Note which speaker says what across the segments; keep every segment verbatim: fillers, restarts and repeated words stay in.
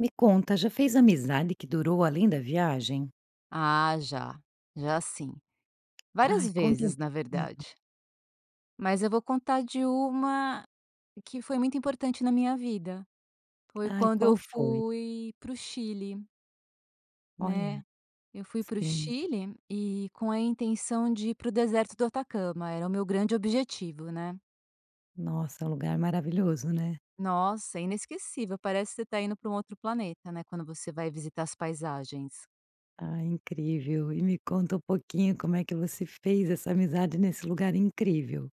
Speaker 1: Me conta já fez amizade que durou além da viagem?
Speaker 2: Ah, já. Já sim.
Speaker 1: Ai,
Speaker 2: Várias
Speaker 1: conta um
Speaker 2: vezes, na
Speaker 1: pouquinho.
Speaker 2: verdade. Mas eu vou contar de uma que foi muito importante na minha vida. Foi
Speaker 1: Ai,
Speaker 2: quando eu
Speaker 1: qual foi?
Speaker 2: fui para o Chile.
Speaker 1: Olha.
Speaker 2: Né. Eu fui para o
Speaker 1: Sim.
Speaker 2: Chile e com a intenção de ir para o deserto do Atacama. Era o meu grande objetivo, né.
Speaker 1: Nossa, lugar maravilhoso, né?
Speaker 2: Nossa, é inesquecível, parece que você tá indo pra um outro planeta, né, quando você vai visitar as paisagens.
Speaker 1: Ah, incrível e me conta um pouquinho, como é que você fez essa amizade, nesse lugar incrível.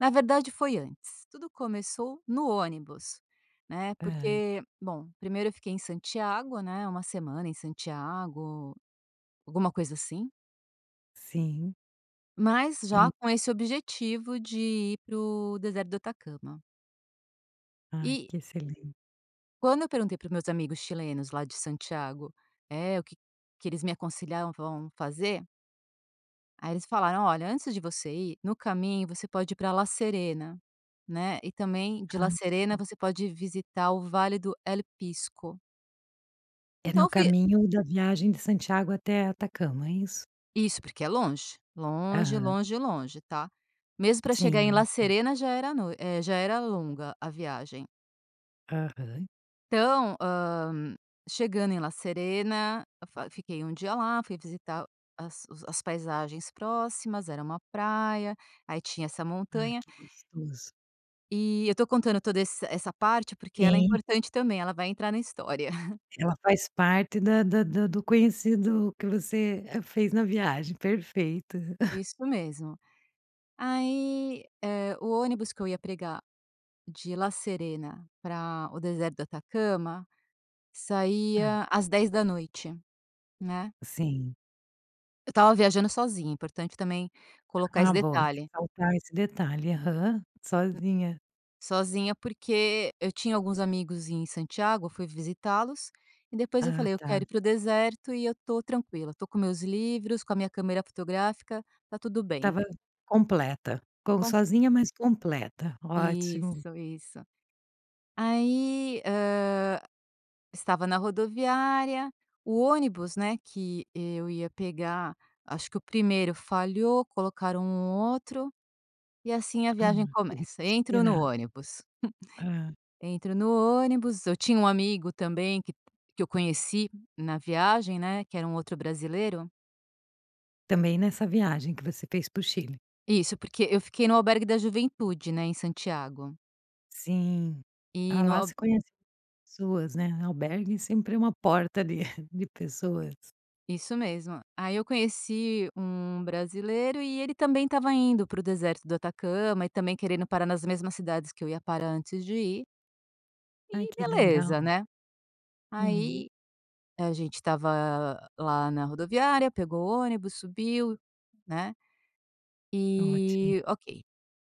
Speaker 2: Na verdade, foi antes. Tudo começou no ônibus, né,
Speaker 1: Tá.
Speaker 2: porque bom, primeiro eu fiquei em Santiago, né, uma semana em Santiago, alguma coisa assim.
Speaker 1: Sim.
Speaker 2: Mas
Speaker 1: In
Speaker 2: já com esse objetivo de ir para o deserto do Atacama.
Speaker 1: Ai,
Speaker 2: E
Speaker 1: que excelen
Speaker 2: Quando eu perguntei para os meus amigos chilenos, lá de Santiago, eh, o que que eles me aconselhavam fazer. Aí eles falaram: "Olha, antes de você ir, no caminho, você pode ir para La Serena, né. E também de
Speaker 1: Ah,
Speaker 2: La Serena,
Speaker 1: ok.
Speaker 2: você pode visitar o Vale do El Pisco".
Speaker 1: É
Speaker 2: Então
Speaker 1: no
Speaker 2: eu fui
Speaker 1: caminho da viagem de Santiago até Atacama. É isso?
Speaker 2: Isso, porque é longe. Longe,
Speaker 1: Aham.
Speaker 2: longe, longe, tá. Mesmo para chegar em
Speaker 1: Sim.
Speaker 2: La
Speaker 1: [unintelligible]
Speaker 2: Serena, já era no eh, já era longa, a viagem.
Speaker 1: Aham.
Speaker 2: Então, hã, chegando em La Serena, fa fiquei um dia lá, fui visitar as os as paisagens próximas. Era uma praia, aí tinha essa
Speaker 1: Ai,
Speaker 2: montanha
Speaker 1: que gostoso.
Speaker 2: e, eu estou contando toda ess essa parte, porque ela é
Speaker 1: Sim.
Speaker 2: importante também. Ela vai entrar na história.
Speaker 1: Ela faz parte da da da do conhecido que você fez na viagem, perfeito.
Speaker 2: Isso mesmo. Aí, eh, o ônibus que eu ia pegar de La Serena para o deserto do Atacama,
Speaker 1: Ah.
Speaker 2: saía às dez da noite, né.
Speaker 1: Sim.
Speaker 2: Eu estava viajando sozinha, importante também colocar
Speaker 1: Ah,
Speaker 2: esse
Speaker 1: bom,
Speaker 2: detalhe.
Speaker 1: ressaltar esse detalhe. Aham,
Speaker 2: Hum.
Speaker 1: sozinha.
Speaker 2: Sozinha, porque eu tinha alguns amigos em Santiago, eu fui visitá-los e depois eu
Speaker 1: Ah,
Speaker 2: falei: "Eu
Speaker 1: tá!
Speaker 2: quero ir para o deserto e eu estou tranquila. Estou com meus livros, com a minha câmera fotográfica, tá tudo bem".
Speaker 1: Estava completa. Com
Speaker 2: [unintelligible]
Speaker 1: sozinha, mas completa. Ótimo!
Speaker 2: Isso, isso. Aí, hã, estava na rodoviária, o ônibus, né, que eu ia pegar. Acho que o primeiro falhou, colocaram um outro, e assim, a
Speaker 1: Ah,
Speaker 2: viagem
Speaker 1: teve que
Speaker 2: começa. Entro no
Speaker 1: esperar.
Speaker 2: ônibus
Speaker 1: Hã.
Speaker 2: entro no ônibus. Eu tinha um amigo também que, que eu conheci na viagem, né, que era um outro brasileiro
Speaker 1: Também nessa viagem que você fez pro Chile.
Speaker 2: Isso, porque eu fiquei no Albergue da Juventude, né, em Santiago.
Speaker 1: Sim.
Speaker 2: E
Speaker 1: Ah,
Speaker 2: no
Speaker 1: lá
Speaker 2: al
Speaker 1: se conhece pessoas, né? Albergue sempre é uma porta de de pessoas.
Speaker 2: Isso mesmo. Aí, eu conheci um brasileiro, e ele também estava indo para o deserto do Atacama e, também, querendo parar nas mesmas cidades que eu ia parar antes de ir
Speaker 1: Ai,
Speaker 2: e
Speaker 1: que
Speaker 2: beleza,
Speaker 1: legal!
Speaker 2: né?
Speaker 1: Uhum.
Speaker 2: Aí, a gente estava lá na rodoviária, pegou o ônibus, subiu, né,
Speaker 1: Ótimo.
Speaker 2: e ok.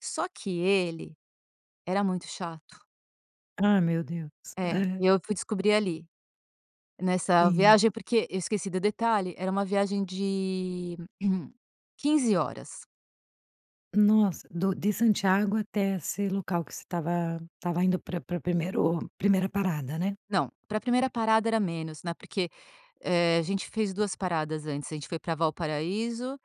Speaker 2: Só que ele era muito chato.
Speaker 1: Ah, meu Deus.
Speaker 2: É, e
Speaker 1: Aham.
Speaker 2: eu fui descobrir ali nessa
Speaker 1: Sim.
Speaker 2: viagem, porque eu esqueci do detalhe: era uma viagem de quinze horas.
Speaker 1: Nossa. Do de Santiago até esse local que você estava estava indo para para primeiro primeira parada, né.
Speaker 2: Não, para a primeira parada era menos, né, porque, eh, a gente fez duas paradas antes. A gente foi para Valparaíso.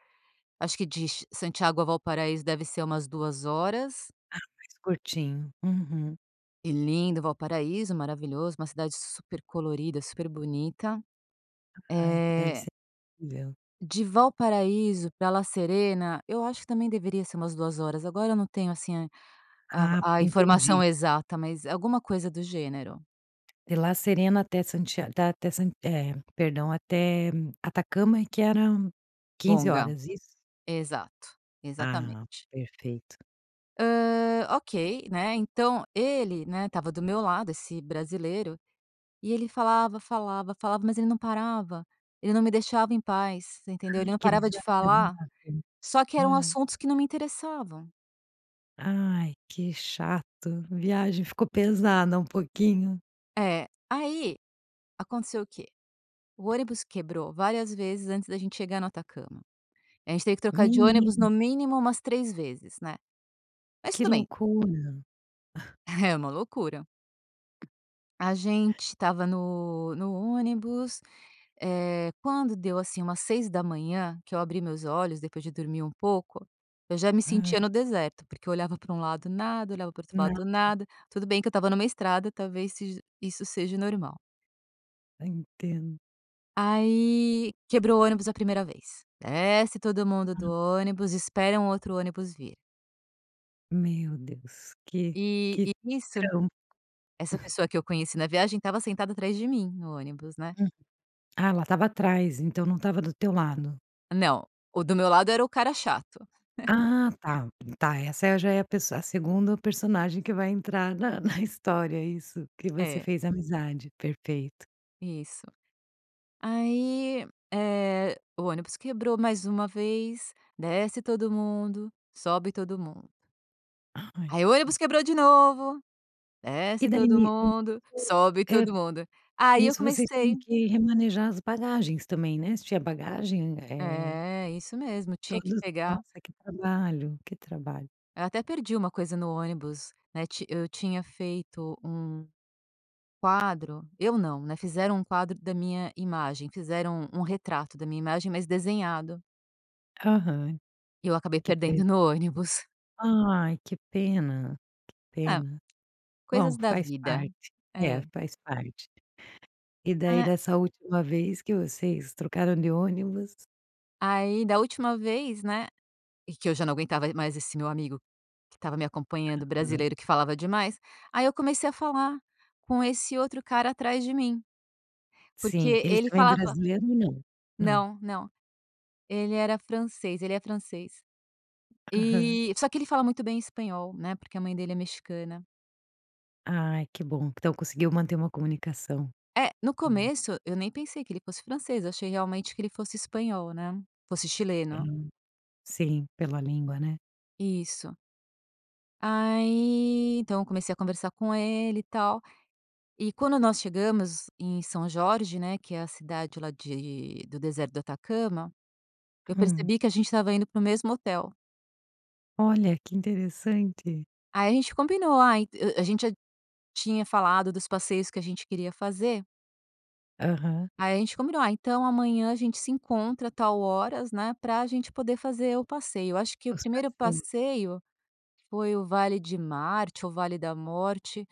Speaker 2: Acho que de ch Santiago a Valparaíso deve ser umas duas horas.
Speaker 1: Ah, mais curtinho, uhum.
Speaker 2: E lindo. Valparaíso maravilhoso, uma cidade super colorida, super bonita,
Speaker 1: Ai, deve
Speaker 2: eh
Speaker 1: ser incrível.
Speaker 2: De Valparaíso pra La Serena, eu acho que também deveria ser umas duas horas, agora eu não tenho assim, a
Speaker 1: Ah,
Speaker 2: a a
Speaker 1: entendi.
Speaker 2: informação exata, mas alguma coisa do gênero.
Speaker 1: De La Serena até Santia da até San eh, perdão até, hum, Atacama e que eram quinze
Speaker 2: Longa.
Speaker 1: horas, isso?
Speaker 2: Exato.
Speaker 1: Ah,
Speaker 2: Exatamente.
Speaker 1: perfeito.
Speaker 2: Hã, ok, né, então, ele, né, estava do meu lado, esse brasileiro e ele falava, falava, falava, mas ele não parava. Ele não me deixava em paz, entendeu? Ele
Speaker 1: Ai,
Speaker 2: não
Speaker 1: que
Speaker 2: parava de falar,
Speaker 1: desagradável,
Speaker 2: só que eram
Speaker 1: hã.
Speaker 2: assuntos que não me interessavam.
Speaker 1: Ai, que chato! Viagem ficou pesada um pouquinho.
Speaker 2: É. Aí, aconteceu o quê? O ônibus quebrou várias vezes antes da gente chegar no Atacama. A gente teve que trocar de ônibus,
Speaker 1: Menina!
Speaker 2: no mínimo umas três vezes, né, mas
Speaker 1: Que
Speaker 2: tudo bem.
Speaker 1: loucura!
Speaker 2: É uma loucura. A gente estava no no ônibus, eh, quando deu assim umas seis da manhã, que eu abri meus olhos depois de dormir um pouco, eu já me
Speaker 1: Hã.
Speaker 2: sentia no deserto, porque eu olhava pra um lado, nada; olhava para o outro lado
Speaker 1: Nada.
Speaker 2: nada. Tudo bem que eu estava numa estrada, talvez sej isso seja normal.
Speaker 1: Entendo.
Speaker 2: Aí, quebrou o ônibus a primeira vez. Desce todo mundo do
Speaker 1: Hã.
Speaker 2: ônibus, espera um outro ônibus vir.
Speaker 1: Meu Deus, que
Speaker 2: E
Speaker 1: que
Speaker 2: e isso
Speaker 1: trampo.
Speaker 2: essa pessoa, que eu conheci na viagem, estava sentada atrás de mim no ônibus, né?
Speaker 1: Hum. Ah, ela estava atrás, então não estava do teu lado.
Speaker 2: Não, o do meu lado era o cara chato. É.
Speaker 1: Ah, tá. Tá, essa já é a pesso a segundo personagem que vai entrar na na história. Isso, que você
Speaker 2: É
Speaker 1: fez amizade. Perfeito.
Speaker 2: Isso. Aí, eh, o ônibus quebrou mais uma vez, desce todo mundo, sobe todo mundo.
Speaker 1: Ai.
Speaker 2: Aí, o ônibus quebrou de novo,
Speaker 1: E
Speaker 2: desce
Speaker 1: dai
Speaker 2: todo
Speaker 1: ni
Speaker 2: mundo,
Speaker 1: [unintelligible]
Speaker 2: sobe
Speaker 1: eh,
Speaker 2: todo mundo. Aí, eu
Speaker 1: nisso vocês tinham
Speaker 2: comecei
Speaker 1: que remanejar as bagagens também, né? Se tinha bagagem, eh
Speaker 2: É, isso mesmo. Tinha que
Speaker 1: Todos
Speaker 2: pegar
Speaker 1: nossa, que trabalho, que trabalho.
Speaker 2: Eu até perdi uma coisa no ônibus. Né, ti eu tinha feito um quadro. Eu não, né. Fizeram um quadro da minha imagem. Fizeram um um retrato da minha imagem, mas desenhado.
Speaker 1: Aham.
Speaker 2: E eu acabei
Speaker 1: Que pe
Speaker 2: perdendo no ônibus.
Speaker 1: Ai, que pena. Que
Speaker 2: É.
Speaker 1: pena.
Speaker 2: Coisas
Speaker 1: Bom,
Speaker 2: da
Speaker 1: faz
Speaker 2: vida.
Speaker 1: parte. É,
Speaker 2: É.
Speaker 1: faz parte. E daí
Speaker 2: Ah.
Speaker 1: dessa última vez que vocês trocaram de ônibus
Speaker 2: Aí, da última vez, né e que eu já não aguentava e mais esse meu amigo, que estava me acompanhando o
Speaker 1: Aham.
Speaker 2: brasileiro, que falava demais. Aí eu comecei a falar com esse outro cara atrás de mim. Porque
Speaker 1: Sim. Eles
Speaker 2: ele
Speaker 1: também é
Speaker 2: falava
Speaker 1: brasileiro ou não? Não.
Speaker 2: Não, não. Ele era francês. Ele é francês.
Speaker 1: Aham.
Speaker 2: E só que ele fala muito bem espanhol, né, porque a mãe dele é mexicana.
Speaker 1: Ai, que bom. Então conseguiu manter uma comunicação.
Speaker 2: É, no
Speaker 1: Hum.
Speaker 2: começo, eu nem pensei que ele fosse francês. Eu achei realmente que ele fosse espanhol, né. Fosse chileno.
Speaker 1: Hum. Sim. Pela língua, né.
Speaker 2: Isso. Aí, então eu comecei a conversar com ele, e tal. E quando nós chegamos em São Jorge, né, que é a cidade lá de do deserto do Atacama, eu
Speaker 1: Hum.
Speaker 2: percebi que a gente estava indo para o mesmo hotel.
Speaker 1: Olha, que interessante.
Speaker 2: Aí a gente combinou.: "Ah, en" A gente tinha falado dos passeios que a gente queria fazer.
Speaker 1: Aham.
Speaker 2: Aí a gente combinou: "Ah, então amanhã a gente se encontra tal horas, né, pra a gente poder fazer o passeio". Eu acho que o
Speaker 1: Os
Speaker 2: primeiro
Speaker 1: passeios.
Speaker 2: passeio foi, o Vale de Marte, o Vale da Morte.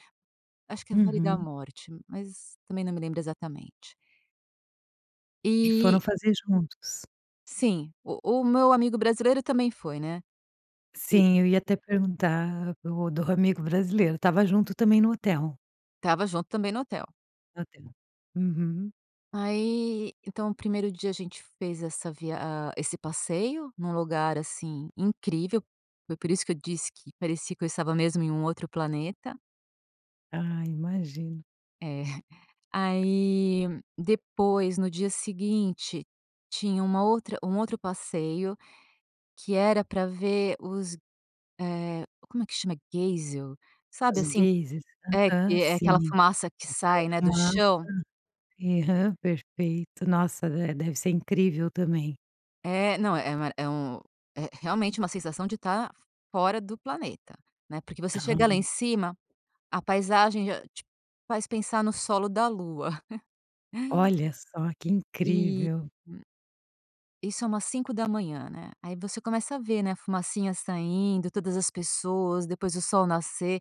Speaker 2: Acho que é o Vale da
Speaker 1: Uhum.
Speaker 2: Morte, mas também não me lembro exatamente.
Speaker 1: E
Speaker 2: Eh
Speaker 1: foram fazer juntos?
Speaker 2: Sim, o o meu amigo brasileiro também foi, né. E
Speaker 1: Sim, eu ia até perguntar do do amigo brasileiro. Estava junto também no hotel?
Speaker 2: Tava junto também no hotel.
Speaker 1: No hotel, uhum.
Speaker 2: Aí então, o primeiro dia a gente fez essa via ah, esse passeio num lugar, assim, incrível. Foi por isso que eu disse que parecia que eu estava mesmo em um outro planeta.
Speaker 1: Ah, imagino.
Speaker 2: É. Aí, depois, no dia seguinte, tinha uma outra um outro passeio que era pra ver os eh, como é que chama? Geisel. Sabe,
Speaker 1: As
Speaker 2: assim
Speaker 1: geisers.
Speaker 2: é que
Speaker 1: Aham,
Speaker 2: é aquela
Speaker 1: sim,
Speaker 2: fumaça que
Speaker 1: que sai a
Speaker 2: sai, né, do
Speaker 1: fumaça.
Speaker 2: chão.
Speaker 1: Aham, perfeito. Nossa de deve ser incrível também.
Speaker 2: É, não é uma é um é realmente uma sensação de tá fora do planeta, né, porque, você chega lá
Speaker 1: Ah.
Speaker 2: em cima, a paisagem já te faz pensar no solo da Lua.
Speaker 1: Olha só, que
Speaker 2: E
Speaker 1: incrível.
Speaker 2: hum. Isso é umas cinco da manhã, né? Aí, você começa a ver, né, a fumacinha saindo, todas as pessoas, depois o sol nascer.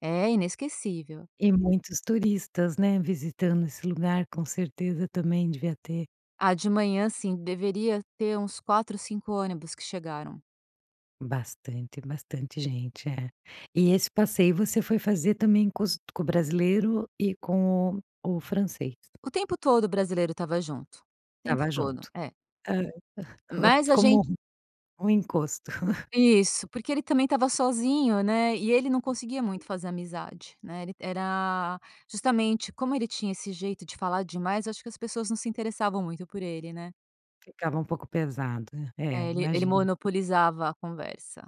Speaker 2: É inesquecível.
Speaker 1: E muitos turistas, né, visitando esse lugar. Com certeza, também devia ter.
Speaker 2: Ah, de manhã sim. Deveria ter uns quatro, cinco ônibus que chegaram.
Speaker 1: Bastante bastante gente, é. E esse passeio você foi fazer também com os com o brasileiro e com o o francês?
Speaker 2: O tempo todo o brasileiro estava junto. O tempo
Speaker 1: Tava
Speaker 2: todo,
Speaker 1: junto.
Speaker 2: é.
Speaker 1: Hã.
Speaker 2: Mas a gente
Speaker 1: Como um um encosto.
Speaker 2: Isso, porque ele também estava sozinho, né, e ele não conseguia muito fazer amizade, né? Ele era justamente como ele tinha esse jeito de falar demais, acho que as pessoas não se interessavam muito por ele, né?
Speaker 1: Ficava um pouco pesado. É,
Speaker 2: É ele ele
Speaker 1: imagino.
Speaker 2: monopolizava a conversa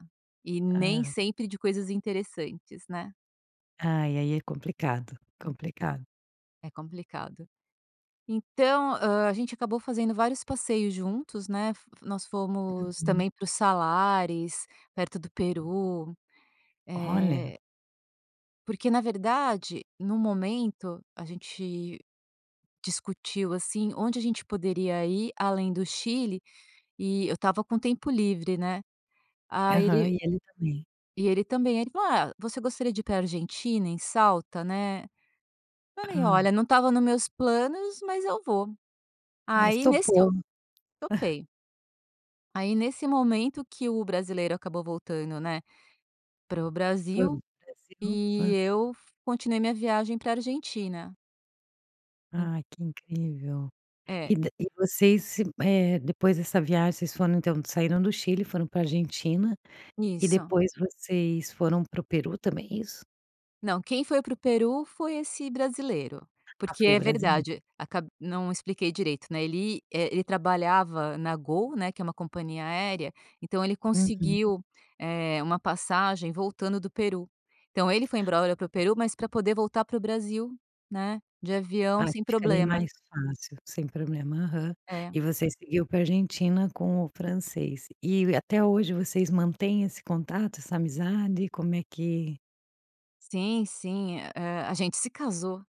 Speaker 2: e nem
Speaker 1: Ah.
Speaker 2: sempre de coisas interessantes, né.
Speaker 1: Ai, aí é complicado, complicado.
Speaker 2: É complicado, então, ah, a gente acabou fazendo vários passeios juntos, né, fo nós fomos
Speaker 1: Uhum.
Speaker 2: também para os Salares, perto do Peru,
Speaker 1: Olha!
Speaker 2: eh Porque, na verdade, no momento a gente discutiu, assim, onde a gente poderia ir além do Chile e eu estava com o tempo livre, né, aí
Speaker 1: Aham
Speaker 2: ele
Speaker 1: e ele também.
Speaker 2: E ele também, ele falou: "Ah, você gostaria de ir pra Argentina, em Salta, né? Falei:
Speaker 1: Hã.
Speaker 2: "Olha, não estava nos meus planos, mas eu vou".
Speaker 1: Mas
Speaker 2: Aí, nesse eu
Speaker 1: topou.
Speaker 2: topei. Aí, nesse momento que o brasileiro acabou voltando, né, para o
Speaker 1: Para
Speaker 2: Brasil
Speaker 1: o Brasil.
Speaker 2: e
Speaker 1: Hã.
Speaker 2: eu fu continuei minha viagem para a Argentina. E
Speaker 1: Ah, que incrível.
Speaker 2: É.
Speaker 1: E da e vocês, eh, depois dessa viagem, vocês foram então, saíram do Chile, foram para a Argentina e
Speaker 2: Isso.
Speaker 1: depois vocês foram para o Peru também, é isso?
Speaker 2: Não, quem foi para o Peru foi esse brasileiro,
Speaker 1: Ah,
Speaker 2: porque
Speaker 1: foi o
Speaker 2: é
Speaker 1: brasile
Speaker 2: verdade, acab não expliquei direito, né, ele é ele trabalhava na Gol, né, que é uma companhia aérea, então, ele
Speaker 1: Uhum.
Speaker 2: conseguiu, eh, uma passagem voltando do Peru. Então, ele foi embrora para o Peru, mas pra poder voltar para o Brasil, né, de avião,
Speaker 1: Ah, que
Speaker 2: sem
Speaker 1: ficaria
Speaker 2: problema.
Speaker 1: mais fácil, sem problema. Aham. E
Speaker 2: É.
Speaker 1: você seguiu para a Argentina com o francês e até hoje vocês mantém esse contato? Essa amizade? Como é que
Speaker 2: Sim, sim, eh, a gente se casou.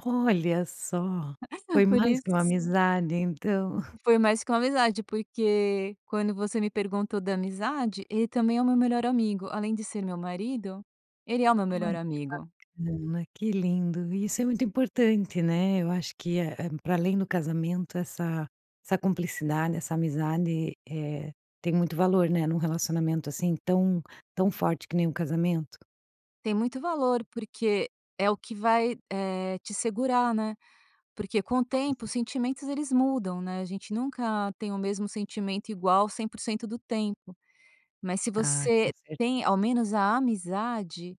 Speaker 1: Olha só, foi
Speaker 2: Por
Speaker 1: mais que uma
Speaker 2: isso
Speaker 1: amizade, então.
Speaker 2: Foi mais que uma amizade, porque quando você me perguntou da amizade, ele também é o meu melhor amigo, além de ser o meu marido, ele é o meu melhor
Speaker 1: Ai, que
Speaker 2: amigo.
Speaker 1: bacana, que lindo. Isso é muito importante, né? Eu acho que é, hum, pra além do casamento essa essa cumplicidade, essa amizade, eh, tem muito valor, né, num relacionamento assim tão tão forte que nem um casamento.
Speaker 2: Tem muito valor, porque é o que vai, eh, te segurar, né? Porque com o
Speaker 1: Com
Speaker 2: tempo os
Speaker 1: certeza.
Speaker 2: sentimentos, eles mudam, né? A gente nunca tem o mesmo sentimento igual cem por cento do tempo, mas se
Speaker 1: Ah,
Speaker 2: você
Speaker 1: com certeza.
Speaker 2: tem ao menos a amizade,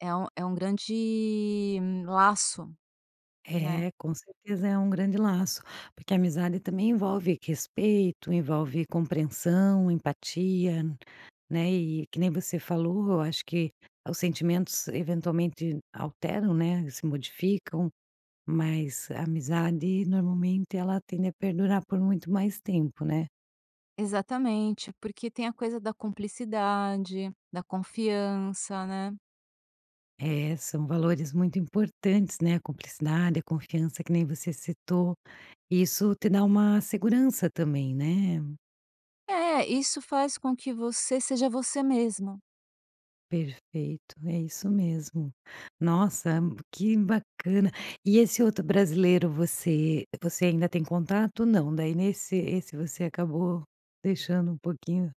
Speaker 2: é um é um grande laço, né?
Speaker 1: É, com certeza é um grande laço, porque a amizade também envolve respeito, envolve compreensão, empatia, né? E que nem você falou, eu acho que os sentimentos eventualmente alteram, né, se modificam, mas a amizade, normalmente, ela tende a perdurar por muito mais tempo, né?
Speaker 2: Exatamente, porque tem a coisa da cumplicidade, da confiança, né.
Speaker 1: É, são valores muito importantes, né? A cumplicidade, a confiança que nem você citou, isso te dá uma segurança também, né?
Speaker 2: É, isso faz com que você seja você mesma.
Speaker 1: Perfeito, é isso mesmo. Nossa, hã, que bacana. E esse outro brasileiro, você você ainda tem contato? Não, daí, nesse esse você acabou deixando um pouquinho.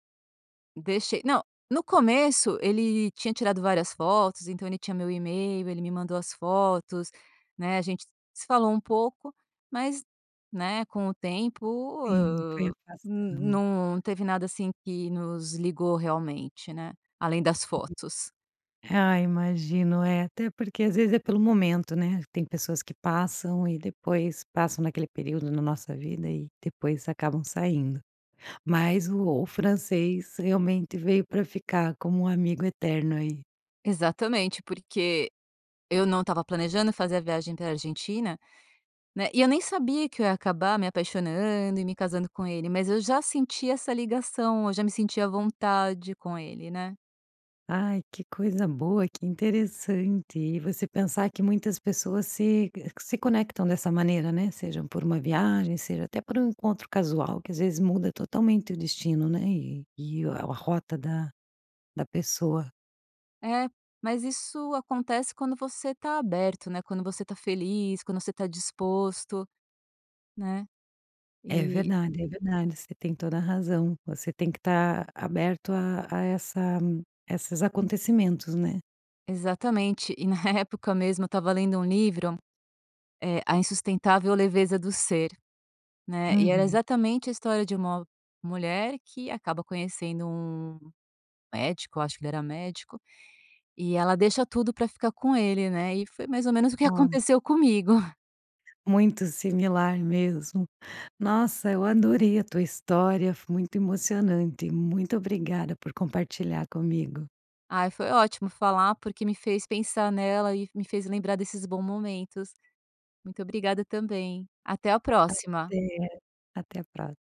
Speaker 2: Deixei. Não, no começo ele tinha tirado várias fotos, então, ele tinha meu e-mail, ele me mandou as fotos, né, a gente se falou um pouco, mas, né, com o tempo,
Speaker 1: Sim, foi
Speaker 2: ah, hum,
Speaker 1: afastando.
Speaker 2: num teve nada, assim, que nos ligou realmente, né, além das fotos.
Speaker 1: Ah, imagino. É até porque, às vezes, é pelo momento, né, tem pessoas que passam e depois passam naquele período na nossa vida e depois acabam saindo. Mas o o francês realmente veio pra ficar, como um amigo eterno, aí.
Speaker 2: Exatamente, porque eu não estava planejando fazer a viagem para a Argentina, né. E eu nem sabia que eu ia acabar me apaixonando e me casando com ele. Mas eu já senti essa ligação. Eu já me sentia à vontade com ele, né.
Speaker 1: Ai, que coisa boa, que interessante. E você pensar que muitas pessoas se que, eh, que se conectam dessa maneira, né. Seja por uma viagem, seja até por um encontro casual, que às vezes, muda totalmente o destino, né, e e a rota da da pessoa.
Speaker 2: É, mas isso acontece quando você tá aberto, né, quando você tá feliz, quando você tá disposto. Né,
Speaker 1: É
Speaker 2: eh
Speaker 1: verdade, é verdade. Você tem toda a razão. Você tem que tá aberto a a essa essas acontecimentos, né.
Speaker 2: Exatamente e na época mesmo eu estava lendo um livro, eh, A Insustentável Leveza Do Ser, né. E era
Speaker 1: Uhum.
Speaker 2: exatamente a história de uma mulher que acaba conhecendo um médico acho que ele era médico e ela deixa tudo pra ficar com ele, né. E foi mais ou menos o que
Speaker 1: Olha.
Speaker 2: aconteceu comigo.
Speaker 1: Muito similar mesmo. Nossa! Eu adorei a tua história, foi muito emocionante. Muito obrigada por compartilhar comigo.
Speaker 2: Ai, foi ótimo falar, porque me fez pensar nela e me fez lembrar desses bom momentos. Muito obrigada também. Até a próxima.
Speaker 1: Até. Até a próxima.